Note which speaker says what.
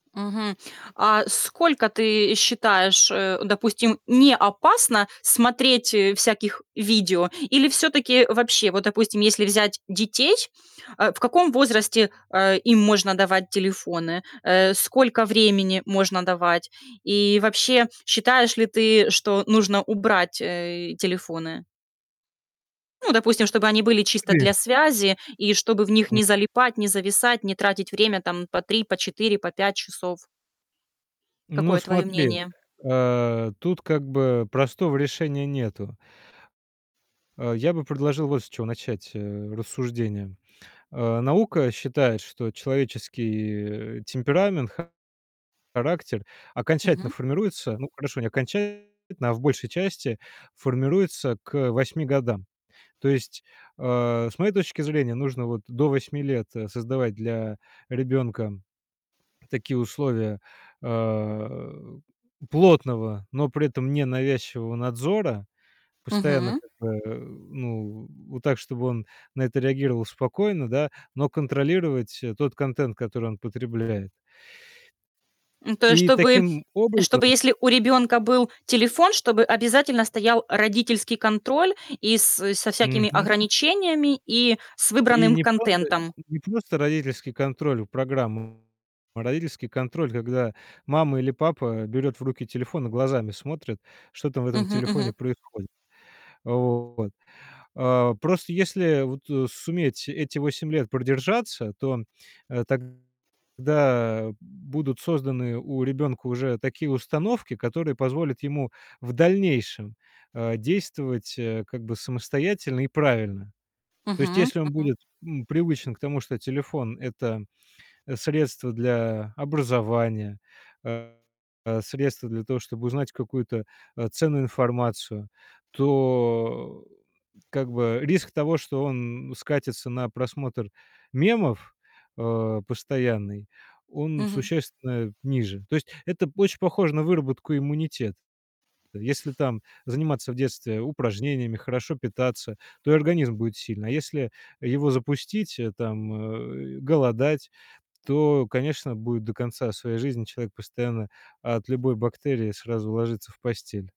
Speaker 1: Мгм. А сколько, ты считаешь, э, допустим, не опасно смотреть, э, всяких видео? Или всё-таки вообще вот, допустим, если взять детей, а, в каком возрасте, а, им можно давать телефоны? Э, сколько времени можно давать и вообще, считаешь ли ты, что нужно убрать, э, телефоны? Ну, допустим, чтобы они были чисто
Speaker 2: Приве
Speaker 1: для связи и чтобы в них не
Speaker 2: Мгм.
Speaker 1: залипать, не зависать, не тратить время, там, по 3, по 4, по 5 часов.
Speaker 2: Ну
Speaker 1: Какое твое
Speaker 2: смотри,
Speaker 1: мнение?
Speaker 2: э, тут как бы простого решения нету. А, я бы предложил вот с чего начать, э, рассуждения. А, наука считает, что человеческий, э, темперамент, характер окончательно
Speaker 1: Мгм.
Speaker 2: формируется ну, хорошо, не окончательно, а в большей части, формируется к 8 годам. То есть, а, с моей точки зрения, нужно вот до 8 лет, э, создавать для ребенка такие условия, а, плотного, но при этом ненавязчивого надзора, постоянно
Speaker 1: Мгм.
Speaker 2: как бы, э, ну, вот так, чтобы он на это реагировал спокойно, да, но контролировать, э, тот контент, который он потребляет.
Speaker 1: Ну, то есть,
Speaker 2: И
Speaker 1: чтобы
Speaker 2: таким
Speaker 1: чтобы
Speaker 2: образом
Speaker 1: если у ребёнка был телефон, чтобы обязательно стоял родительский контроль и с со всякими
Speaker 2: Мгм.
Speaker 1: ограничениями, и с
Speaker 2: И
Speaker 1: выбранным
Speaker 2: не просто н
Speaker 1: контентом.
Speaker 2: не просто родительский контроль в программу, а родительский контроль, когда мама или папа берет в руки телефон и глазами смотрит, что там в этом
Speaker 1: Мгм
Speaker 2: телефоне
Speaker 1: мгм.
Speaker 2: происходит. Вот. А, просто если вот, э, суметь эти 8 лет продержаться, то, э, тогда будут созданы у ребенка уже такие установки, которые позволят ему в дальнейшем, а, действовать, э, как бы самостоятельно и правильно. То есть
Speaker 1: Мгм
Speaker 2: если он
Speaker 1: мгм.
Speaker 2: будет, м, привычен к тому, что телефон- это средство для образования, а, средство для того, чтобы узнать какую-то, а, ценную информацию, то, как бы, риск того, что он скатится на просмотр мемов, а, постоянный- он
Speaker 1: Мгм.
Speaker 2: существенно ниже. То есть это очень похоже на выработку иммунитета. Если там заниматься в детстве упражнениями, хорошо питаться, то и организм будет сильный. А если его запустить, э, там, э, голодать, то, конечно, будет до конца своей жизни человек постоянно от любой бактерии сразу ложится в постель.